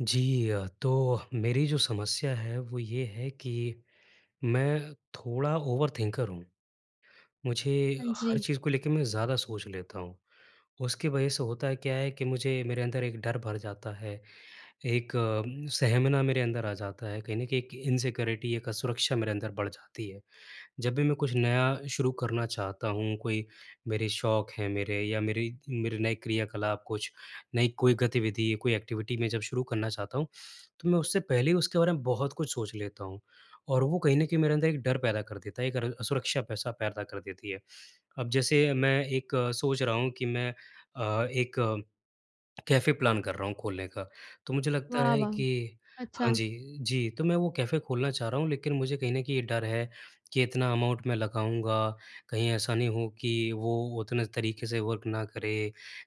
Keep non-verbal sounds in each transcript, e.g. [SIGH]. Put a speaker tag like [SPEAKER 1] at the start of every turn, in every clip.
[SPEAKER 1] जी अ, तो मेरी जो समस्या है वो ये है कि मैं थोड़ा ओवरथिंकर हूँ। मुझे
[SPEAKER 2] हाँ
[SPEAKER 1] हर
[SPEAKER 2] जी।
[SPEAKER 1] चीज़ को लेके मैं ज़्यादा सोच लेता हूँ उसकी वज़ह से होता है क्या है कि मुझे मेरे अंदर एक डर भर जाता है। एक सहमना मेरे अंदर आ जाता है, कहीं न कहीं एक इनसिक्योरिटी एक असुरक्षा मेरे अंदर बढ़ जाती है। जब भी मैं कुछ नया शुरू करना चाहता हूँ, कोई मेरे शौक हैं मेरे या मेरी मेरे नए क्रियाकलाप कुछ, नई कोई गतिविधि या कोई एक्टिविटी मैं जब शुरू करना चाहता हूँ तो मैं उससे पहले ही उसके बारे में बहुत कुछ सोच लेता हूँ। और वो कहीं न कहीं मेरे अंदर एक डर पैदा कर देता है एक र सुरक्षा पैसा पैदा कर देती है। अब जैसे मैं एक सोच रहा हूँ कि मैं अ, एक कैफ़े प्लान कर रहा हूँ खोलने का। तो मुझे लगता
[SPEAKER 2] वाह!
[SPEAKER 1] है
[SPEAKER 2] वाह!
[SPEAKER 1] कि हाँ।
[SPEAKER 2] अच्छा।
[SPEAKER 1] जी, जी। तो मैं वो कैफ़े खोलना चाह रहा हूँ लेकिन मुझे कहीं न कहीं ये डर है कि इतना अमाउंट मैं लगाऊँगा कहीं ऐसा नहीं हो कि वो उतने तरीके से वर्क ना करे।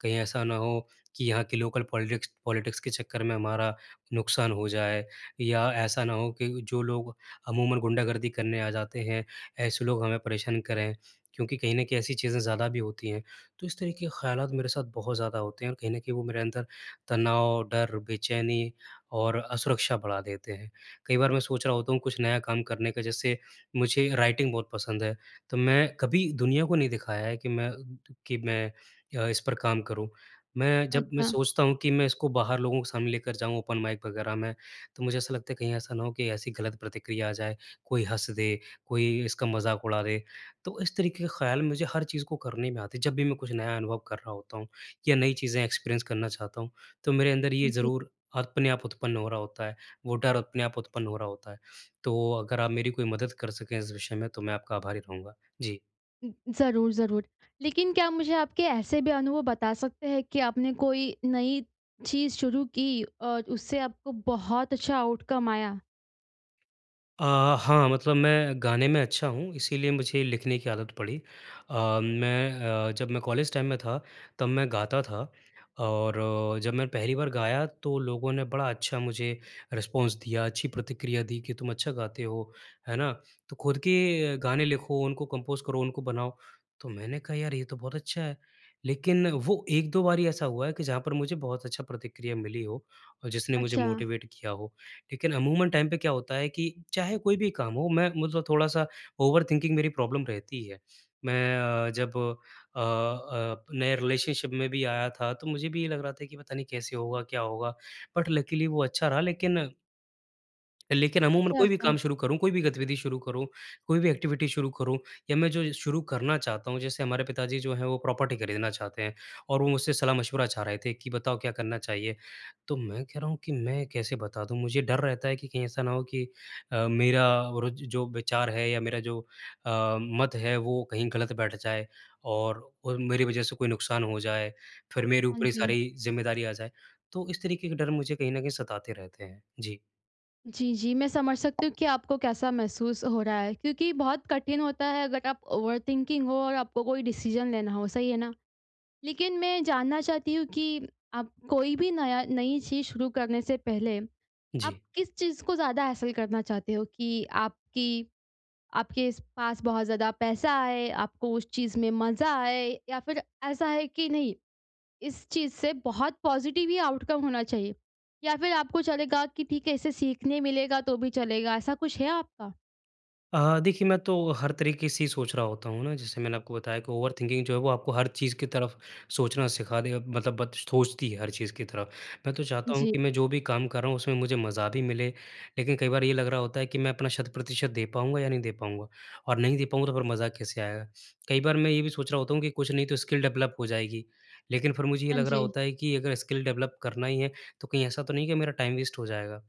[SPEAKER 1] कहीं ऐसा ना हो कि यहाँ के लोकल पॉलिटिक्स पॉलिटिक्स के चक्कर में हमारा नुकसान हो जाए या ऐसा ना हो कि जो लोग अमूमन गुंडागर्दी करने आ जाते हैं ऐसे लोग हमें परेशान करें क्योंकि कहीं न कहीं ऐसी चीज़ें ज़्यादा भी होती हैं। तो इस तरीके के ख़्यालात मेरे साथ बहुत ज़्यादा होते हैं और कहीं न कहीं वो मेरे अंदर तनाव, डर, बेचैनी और असुरक्षा बढ़ा देते हैं। कई बार मैं सोच रहा होता हूँ कुछ नया काम करने का जैसे मुझे राइटिंग बहुत पसंद है। तो मैं कभी दुनिया को नहीं दिखाया है कि मैं कि मैं अ, इस पर काम करूँ। मैं जब मैं
[SPEAKER 2] अच्छा।
[SPEAKER 1] सोचता हूँ कि मैं इसको बाहर लोगों सामने लेकर जाऊँ ओपन माइक वग़ैरह में। तो मुझे ऐसा लगता है कहीं ऐसा ना हो कि ऐसी गलत प्रतिक्रिया आ जाए, कोई हँस दे, कोई इसका मज़ाक उड़ा दे। तो इस तरीके के ख़याल मुझे हर चीज़ को करने में आते हैं जब भी मैं कुछ नया अनुभव कर रहा होता हूँ या नई चीज़ें एक्सपीरिएन्स करना चाहता हूँ तो मेरे अंदर ये
[SPEAKER 2] जी।
[SPEAKER 1] ज़रूर अपने आप उत्पन्न हो रहा होता है, वो डर अपने आप उत्पन्न हो रहा होता है। तो अगर आप मेरी कोई मदद कर सकें इस विषय में तो मैं आपका आभारी रहूँगा। जी।
[SPEAKER 2] उ, ज़रूर ज़रूर। लेकिन क्या मुझे आपके ऐसे भी अनुभव बता सकते हैं कि आपने कोई नई चीज़ शुरू की और उससे आपको बहुत अच्छा आउटकम आया?
[SPEAKER 1] अ, हाँ मतलब मैं गाने में अच्छा हूँ इसीलिए मुझे लिखने की आदत पड़ी। अ, मैं अ, जब मैं कॉलेज टाइम में था तब मैं गाता था और जब मैं पहली बार गाया तो लोगों ने बड़ा अच्छा मुझे रिस्पॉन्स दिया, अच्छी प्रतिक्रिया दी कि तुम अच्छा गाते हो। है ना? तो खुद के गाने लिखो उनको कम्पोज करो उनको बनाओ, तो मैंने कहा, "यार ये तो बहुत अच्छा है।" लेकिन वो 1-2 बार ही ऐसा हुआ है कि जहाँ पर मुझे बहुत अच्छा प्रतिक्रिया मिली हो और जिसने मुझे
[SPEAKER 2] अच्छा।
[SPEAKER 1] मोटिवेट किया हो। लेकिन अमूमन टाइम पे क्या होता है कि चाहे कोई भी काम हो मैं मतलब थोड़ा-सा ओवरथिंकिंग मेरी प्रॉब्लम रहती है। मैं अ, जब अ अ, नए रिलेशनशिप में भी आया था तो मुझे भी ये लग रहा था कि पता नहीं कैसे होगा क्या होगा बट लकिली वो अच्छा रहा लेकिन लेकिन अमूमन
[SPEAKER 2] अच्छा,
[SPEAKER 1] कोई भी
[SPEAKER 2] अच्छा।
[SPEAKER 1] काम शुरू करूँ, कोई भी गतिविधि शुरू करूँ, कोई भी एक्टिविटी शुरू करूँ या मैं जो शुरू करना चाहता हूँ। जैसे हमारे पिताजी जो हैं वो प्रॉपर्टी खरीदना चाहते हैं और वो मुझसे सलाह-मशविरा चाह रहे थे कि बताओ क्या करना चाहिए। तो मैं कह रहा हूँ कि मैं कैसे बता दूँ मुझे डर रहता है कि कहीं ऐसा ना हो कि अ, मेरा और ज जो विचार है या मेरा जो अ, मत है वो कहीं गलत बैठ जाए और, और मेरी वज़ह से कोई नुकसान हो जाए फिर मेरे
[SPEAKER 2] हाँ
[SPEAKER 1] ऊपर ये
[SPEAKER 2] जी।
[SPEAKER 1] सारी ज़िम्मेदारी आ जाए। तो इस तरीके के डर मुझे कहीं न कहीं सताते रहते हैं। जी।
[SPEAKER 2] जी, जी, मैं समझ सकती हूँ कि आपको कैसा महसूस हो रहा है, क्योंकि बहुत कठिन होता है अगर आप ओवर थिंकिंग हो और आपको कोई डिसीज़न लेना हो, सही है ना? लेकिन मैं जानना चाहती हूँ कि, आप कोई भी नया नई चीज़ शुरू करने से पहले, आप
[SPEAKER 1] जी।
[SPEAKER 2] किस चीज़ को ज़्यादा हैसल करना चाहते हो कि आपकी आपके पास बहुत ज़्यादा पैसा आए, आपको उस चीज़ में मज़ा आए, या फिर ऐसा है कि नहीं, इस चीज़ से बहुत पॉजिटिव ही आउटकम होना चाहिए, या फिर आपको चलेगा कि ठीक है इसे सीखने मिलेगा तो भी चलेगा। ऐसा कुछ है आपका?
[SPEAKER 1] अ, देखिए मैं तो हर तरीक़े से ही सोच रहा होता हूँ ना जैसे मैंने आपको बताया कि ओवर थिंकिंग जो है वो आपको हर चीज़ की तरफ़ सोचना सिखा दे अब मतलब बत सोचती है हर चीज़ की तरफ़। मैं तो चाहता हूँ
[SPEAKER 2] जी।
[SPEAKER 1] कि मैं जो भी काम कर रहा हूँ उसमें मुझे मज़ा भी मिले, लेकिन कई बार ये लग रहा होता है कि मैं अपना शत-प्रतिशत दे पाऊँगा या नहीं दे पाऊँगा, और नहीं दे पाऊँगा तो फिर मज़ा कैसे आएगा? कई बार मैं ये भी सोच रहा होता हूँ कि कुछ नहीं तो स्किल डेवलप हो जाएगी, लेकिन फिर मुझे ये
[SPEAKER 2] हाँ,
[SPEAKER 1] लग रहा
[SPEAKER 2] जी।
[SPEAKER 1] होता है कि अगर स्किल डेवलप करना ही है तो कहीं ऐसा तो नहीं है कि मेरा टाइम वेस्ट हो जाएगा।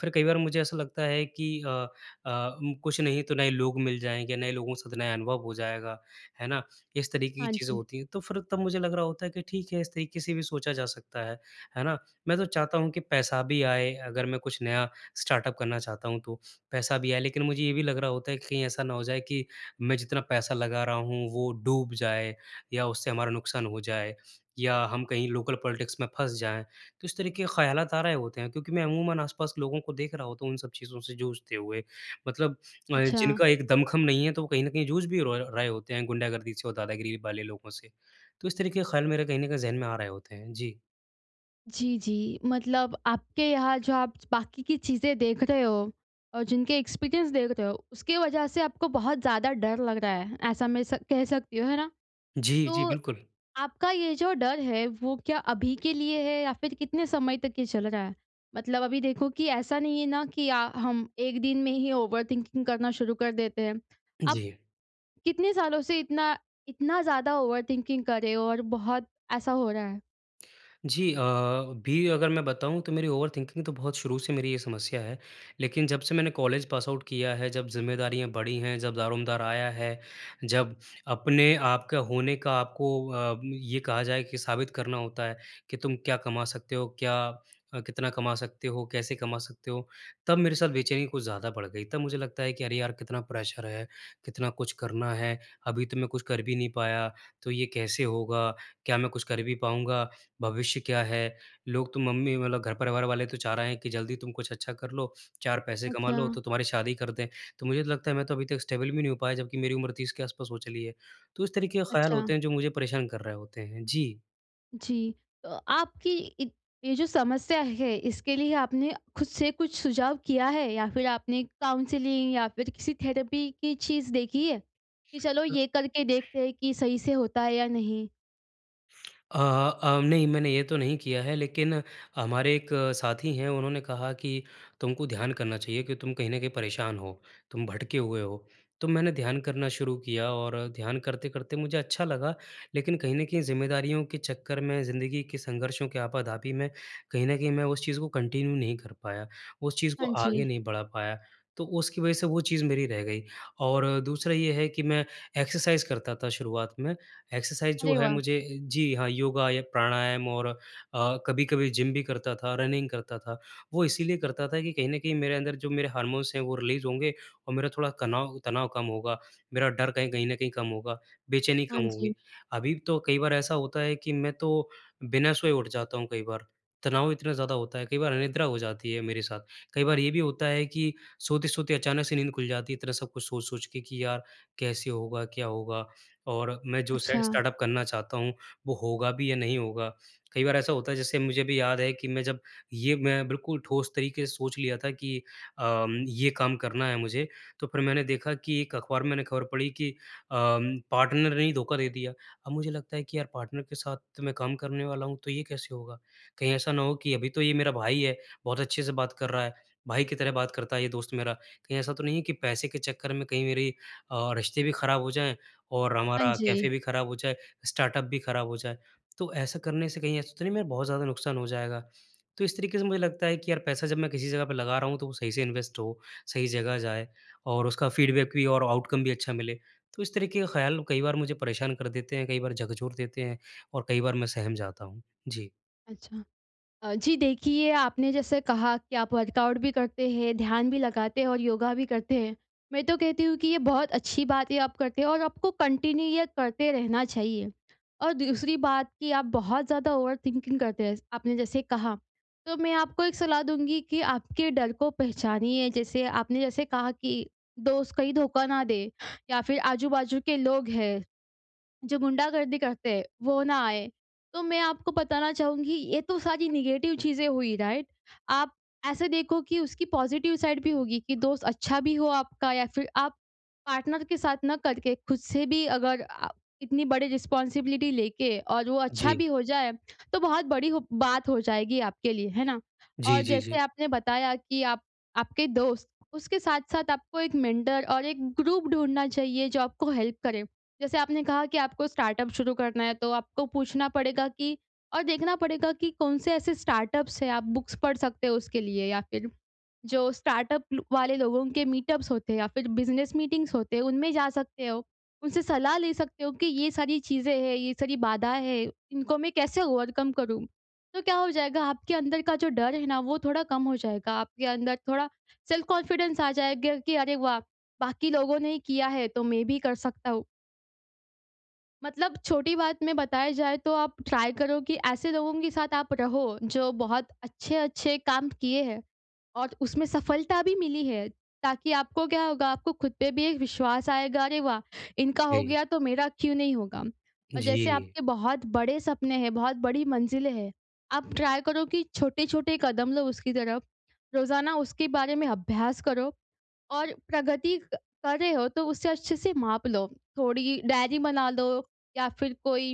[SPEAKER 1] फिर कई बार मुझे ऐसा लगता है कि अ अ, उम, कुछ नहीं तो नए लोग मिल जाएँगे नए लोगों के साथ नया अनुभव हो जाएगा, है ना? इस तरीक़े की
[SPEAKER 2] हाँ,
[SPEAKER 1] चीज़ें
[SPEAKER 2] जी।
[SPEAKER 1] होती हैं तो फिर तब मुझे लग रहा होता है कि ठीक है इस तरीक़े से भी सोचा जा सकता है, है ना? मैं तो चाहता हूँ कि पैसा भी आए अगर मैं कुछ नया स्टार्टअप करना चाहता हूँ तो, पैसा भी आए, लेकिन मुझे ये भी लग रहा होता है कहीं ऐसा ना हो जाए कि, मैं जितना पैसा लगा रहा हूँ वो डूब जाए, या उससे हमारा नुकसान हो जाए या हम कहीं लोकल पॉलिटिक्स में फँस जाएँ, तो इस तरीक़े के ख़यालात आ रहे होते हैं, क्योंकि मैं अमूमन आस-पास लोगों को देख रहा होता हूँ तो इन सब चीज़ों से जूझते हुए, मतलब अ,
[SPEAKER 2] अच्छा।
[SPEAKER 1] जिनका एक दमखम नहीं है तो वो कहीं न कहीं जूझ भी रॉय रहे होते हैं गुंडागर्दी से और दादागिरी वाले लोगों से, तो इस तरीक़े के ख़्याल मेरे कहीं न कहीं ज़हन में आ रहे होते हैं। जी।
[SPEAKER 2] जी, जी। मतलब आपके यहाँ जो आप च बाकी की चीज़ें देख रहे हो और जिनके एक्सपीरियंस देख रहे हो, उसकी वजह से आपको बहुत ज़्यादा डर लग रहा है ऐसा मैं स कह सकती हूँ। है ना?
[SPEAKER 1] जी, जी,
[SPEAKER 2] तो
[SPEAKER 1] बिल्कुल।
[SPEAKER 2] आपका ये जो डर है वो क्या अभी के लिए है या फिर कितने समय तक ये चल रहा है? मतलब अभी देखो कि ऐसा नहीं है ना कि अ, हम एक दिन में ही ओवरथिंकिंग करना शुरू कर देते हैं। आप,
[SPEAKER 1] जी।
[SPEAKER 2] कितने सालों से इतना, इतना ज़्यादा ओवरथिंकिंग कर रहे हो और बहुत ऐसा हो रहा है?
[SPEAKER 1] जी अ, अभी अगर मैं बताऊँ तो मेरी ओवरथिंकिंग तो बहुत शुरू से मेरी ये समस्या है। लेकिन जब से मैंने कॉलेज पासआउट किया है, जब ज़िम्मेदारियाँ बढ़ी हैं जब दारोमदार आया है, जब अपने आप के होने का आपको अ, ये कहा जाए कि साबित करना होता है कि तुम क्या कमा सकते हो, क्या अ, कितना कमा सकते हो, कैसे कमा सकते हो, तब मेरे साथ बेचैनी कुछ ज़्यादा बढ़ गई। तब मुझे लगता है कि, "अरे यार कितना प्रेशर है, कितना कुछ करना है। अभी तो मैं कुछ कर भी नहीं पाया। तो ये कैसे होगा? क्या मैं कुछ कर भी पाऊँगा? भविष्य क्या है?" लोग तो मम्मी मतलब घर-परिवार वाले तो चाह रहे हैं कि जल्दी तुम कुछ अच्छा कर लो, चार पैसे कमा लो
[SPEAKER 2] अच्छा।
[SPEAKER 1] तो तुम्हारी शादी कर दें। तो मुझे लगता है मैं तो अभी तक स्टेबल भी नहीं हो पाया जबकि मेरी उम्र 30 के आसपास हो चली है। तो इस तरीके के ख्याल
[SPEAKER 2] अच्छा।
[SPEAKER 1] होते हैं जो मुझे परेशान कर रहे होते हैं। जी।
[SPEAKER 2] जी, तो आपकी इ ये जो समस्या है, इसके लिए आपने खुद से कुछ सुझाव किया है या फिर आपने काउंसलिंग या फिर किसी थेरेपी की चीज़ देखी है? कि चलो
[SPEAKER 1] अ
[SPEAKER 2] ये करके देखते हैं कि सही से होता है या नहीं।
[SPEAKER 1] अ अ, नहीं मैंने ये तो नहीं किया है लेकिन हमारे एक साथी हैं, उन्होंने कहा कि तुम को ध्यान करना चाहिए, कि तुम कहीं न कहीं परेशान हो, तुम भटके हुए हो। तो मैंने ध्यान करना शुरू किया और ध्यान करते-करते मुझे अच्छा लगा, लेकिन कहीं न कहीं ज़िम्मेदारियों के चक्कर में, ज़िंदगी के संघर्षों के आपा-धापी में, कहीं न कहीं मैं उस चीज़ को कंटिन्यू नहीं कर पाया, उस चीज़ को
[SPEAKER 2] हाँ
[SPEAKER 1] आगे
[SPEAKER 2] जी।
[SPEAKER 1] नहीं बढ़ा पाया, तो उसकी वजह से वो चीज़ मेरी रह गई। और दूसरा ये है कि मैं एक्सरसाइज करता था शुरुआत में, एक्सरसाइज जो
[SPEAKER 2] अरे
[SPEAKER 1] है
[SPEAKER 2] वाह!
[SPEAKER 1] मुझे जी हाँ, योगा या प्राणायाम और अ, कभी-कभी जिम भी करता था, रनिंग करता था। वो इसीलिए करता था कि कहीं न कहीं मेरे अंदर जो मेरे हार्मोन्स हैं, वो रिलीज होंगे और मेरा थोड़ा कनाव तनाव कम होगा, मेरा डर कहीं कहीं न कहीं कम होगा, बेचैनी
[SPEAKER 2] हाँ
[SPEAKER 1] कम
[SPEAKER 2] जी।
[SPEAKER 1] होगी। अभी तो कई बार ऐसा होता है कि, मैं तो बिना सोए उठ जाता हूँ कई बार, तनाव इतना ज़्यादा होता है, कई बार अनिद्रा हो जाती है मेरे साथ, कई बार ये भी होता है कि सोते-सोते अचानक से नींद खुल जाती है, इतना सब कुछ सोच-सोच के कि, यार कैसे होगा, क्या होगा? और मैं जो सेट
[SPEAKER 2] अच्छा।
[SPEAKER 1] स्टार्टअप करना चाहता हूँ, वो होगा भी या नहीं होगा? कई बार ऐसा होता है, जैसे मुझे भी याद है कि मैं जब, ये मैं बिल्कुल ठोस तरीके से सोच लिया था कि अम, ये काम करना है तो मुझे, तो फिर मैंने देखा कि एक अखबार में मैंने खबर पढ़ी कि अ, पार्टनर ने ही धोखा दे दिया। अब मुझे लगता है कि यार पार्टनर के साथ मैं काम करने वाला हूँ, तो ये कैसे होगा? कहीं ऐसा ना हो कि अभी तो ये मेरा भाई है, बहुत अच्छे से बात कर रहा है, भाई की तरह बात करता है ये दोस्त मेरा, कहीं ऐसा तो नहीं है कि पैसे के चक्कर में कहीं मेरे अ, रिश्ते भी खराब हो जाए और
[SPEAKER 2] हाँ
[SPEAKER 1] हमारा कैफे
[SPEAKER 2] जी।
[SPEAKER 1] भी खराब हो जाए, स्टार्टअप भी खराब हो जाए। तो ऐसा करने से कहीं ऐसा तो नहीं मेरा बहुत ज़्यादा नुकसान हो जाएगा? तो इस तरीके से मुझे लगता है कि यार पैसा जब मैं किसी जगह पर लगा रहा हूँ, तो वो सही से इन्वेस्ट हो, सही जगह जाए और उसका फीडबैक भी और आउटकम भी अच्छा मिले। तो इस तरीके का ख़्याल कई बार मुझे परेशान कर देते हैं, कई बार झकझोर देते हैं और कई बार मैं सहम जाता हूँ। जी।
[SPEAKER 2] अच्छा। अ, जी देखिए, आपने जैसे कहा कि आप वर्कआउट भी करते हैं, ध्यान भी लगाते हैं और योगा भी करते हैं। मैं तो कहती हूँ कि ये बहुत अच्छी बात है, आप करते हैं और आपको कंटिन्यू ये करते रहना चाहिए। और दूसरी बात कि, आप बहुत ज़्यादा ओवरथिंकिंग करते हैं, आपने जैसे कहा। तो मैं आपको एक सलाह दूँगी कि, आपके डर को पहचानिए जैसे, आपने जैसे कहा कि, दोस्त कहीं धोखा ना दें या फ़िर आजू-बाजू के लोग हैं, जो गुंडागर्दी करते हैं, वो ना आएँ? तो मैं आपको बताना चाहूँगी, ये तो सारी नेगेटिव चीज़ें हुई, राइट? आप ऐसे देखो कि उसकी पॉज़िटिव साइड भी होगी, कि दोस्त अच्छा भी हो आपका या फ़िर आप पार्टनर के साथ ना करके, ख़ुद से भी अगर आ इतनी बड़ी रिस्पॉन्सिबिलिटी लेके और वो अच्छा
[SPEAKER 1] जी।
[SPEAKER 2] भी हो जाए, तो बहुत बड़ी व बात हो जाएगी आपके लिए, है ना? और
[SPEAKER 1] जी, जी,
[SPEAKER 2] जैसे
[SPEAKER 1] जी।
[SPEAKER 2] आपने बताया कि आप आपके दोस्त उसके साथ-साथ आपको एक मेंटर और एक ग्रुप ढूँढ़ना चाहिए, जो आपको हेल्प करे। जैसे आपने कहा कि आपको स्टार्टअप शुरू करना है, तो आपको पूछना पड़ेगा कि, और देखना पड़ेगा कि कौन-से ऐसे स्टार्टअप्स हैं, आप बुक्स पढ़ सकते हो उसके लिए या फ़िर जो स्टार्टअप लु वाले लोगों के मीटअप्स होते हैं या फ़िर बिज़नेस मीटिंग्स होते हैं, उनमें जा सकते हो। उनसे सलाह ले सकते हो, कि ये सारी चीज़ें हैं, ये सारी बाधाएँ हैं, इनको मैं कैसे ओवरकम करूँ? तो क्या हो जाएगा आपके अंदर का जो डर है ना, वो थोड़ा कम हो जाएगा, आपके अंदर थोड़ा सेल्फ कॉन्फिडेंस आ जाएगा कि अरे वाह! बाकी लोगों ने ही किया है, तो मैं भी कर सकता हूँ। मतलब छोटी बात में बताया जाए, तो आप ट्राई करो कि ऐसे लोगों के साथ आप रहो, जो बहुत अच्छे-अच्छे काम किए हैं और उसमें सफलता भी मिली है। ताकि आपको क्या होगा, आपको खुद पे भी एक विश्वास आएगा। अरे वाह! इनका हो
[SPEAKER 1] जी।
[SPEAKER 2] गया, तो मेरा क्यों नहीं होगा? और जैसे
[SPEAKER 1] जी
[SPEAKER 2] आपके बहुत बड़े सपने हैं, बहुत बड़ी मंजिलें है। आप ट्राई करो कि छोटे-छोटे कदम लो उसकी तरफ। रोज़ाना उसके बारे में अभ्यास करो और प्रगति क कर रहे हो, तो उसे अच्छे से माप लो। थोड़ी डायरी बना लो या फिर कोई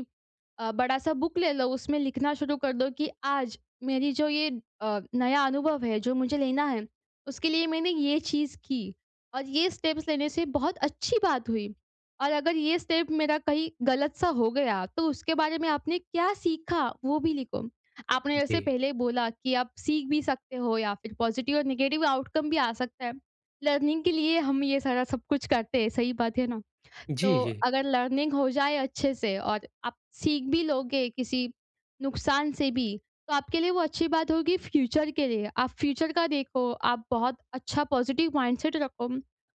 [SPEAKER 2] अ, बड़ा सा बुक ले लो, उसमें लिखना शुरू कर दो कि आज मेरी जो ये अ, नया अनुभव है, जो मुझे लेना है, उसके लिए मैंने ये चीज़ की और ये स्टेप्स लेने से बहुत अच्छी बात हुई। और अगर ये स्टेप मेरा कहीं गलत सा हो गया, तो उसके बारे में आपने क्या सीखा, वो भी लिखो। आपने जैसे
[SPEAKER 1] जी।
[SPEAKER 2] पहले बोला कि आप सीख भी सकते हो या फिर पॉज़िटिव और नेगेटिव आउटकम भी आ सकता है। लर्निंग के लिए हम ये सारा सब कुछ करते हैं, सही बात है ना।
[SPEAKER 1] जी,
[SPEAKER 2] तो
[SPEAKER 1] जी।
[SPEAKER 2] अगर लर्निंग हो जाए अच्छे से और आप सीख भी लोगे, किसी नुकसान से भी, तो आपके लिए वो अच्छी बात होगी फ़्यूचर के लिए। आप फ़्यूचर का देखो आप बहुत अच्छा पॉज़िटिव माइंडसेट रखो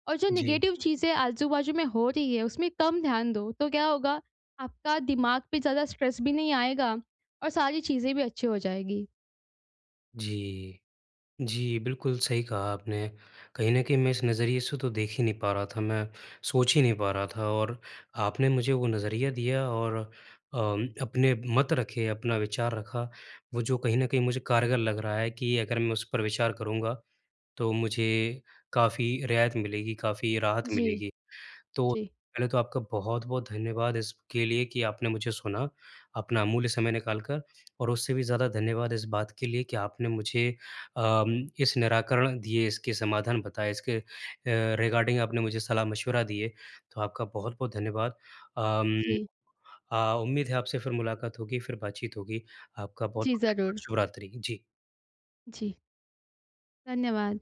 [SPEAKER 2] और जो
[SPEAKER 1] जी।
[SPEAKER 2] नेगेटिव चीज़ें आजू-बाजू में हो रही है, उसमें कम ध्यान दो, तो क्या होगा, आपका दिमाग पे ज़्यादा स्ट्रेस भी नहीं आएगा और सारी चीज़ें भी अच्छी हो जाएँगी।
[SPEAKER 1] जी। जी बिल्कुल, सही कहा आपने, कहीं न कहीं मैं इस नज़रिए से तो देख ही नहीं पा रहा था, मैं सोच ही नहीं पा रहा था और आपने मुझे वो नज़रिया दिया और अ, अपने मत रखे, अपना विचार रखा। वो जो कहीं न कहीं मुझे कारगर लग रहा है कि अगर मैं उस पर विचार करूँगा, तो मुझे काफ़ी रियायत मिलेगी, काफ़ी राहत
[SPEAKER 2] जी।
[SPEAKER 1] मिलेगी। तो,
[SPEAKER 2] जी।
[SPEAKER 1] पहले तो आपका बहुत-बहुत धन्यवाद इसके लिए कि आपने मुझे सुना, अपना अमूल्य समय निकाल कर और उससे भी ज़्यादा धन्यवाद इस बात के लिए कि आपने मुझे अम, इस निराकरण दिए, इसके समाधान बताए, इसके अ, रिगार्डिंग आपने मुझे सलाह-मशवरा दिए। तो आपका बहुत-बहुत धन्यवाद। अम
[SPEAKER 2] जी।
[SPEAKER 1] अ, उम्मीद है आपसे फ़िर मुलाकात होगी, फ़िर बातचीत होगी, आपका
[SPEAKER 2] जी,
[SPEAKER 1] बहुत-बहुत
[SPEAKER 2] ज़रूर।
[SPEAKER 1] [UNINTELLIGIBLE] शुभरात्रि। जी।
[SPEAKER 2] जी। धन्यवाद।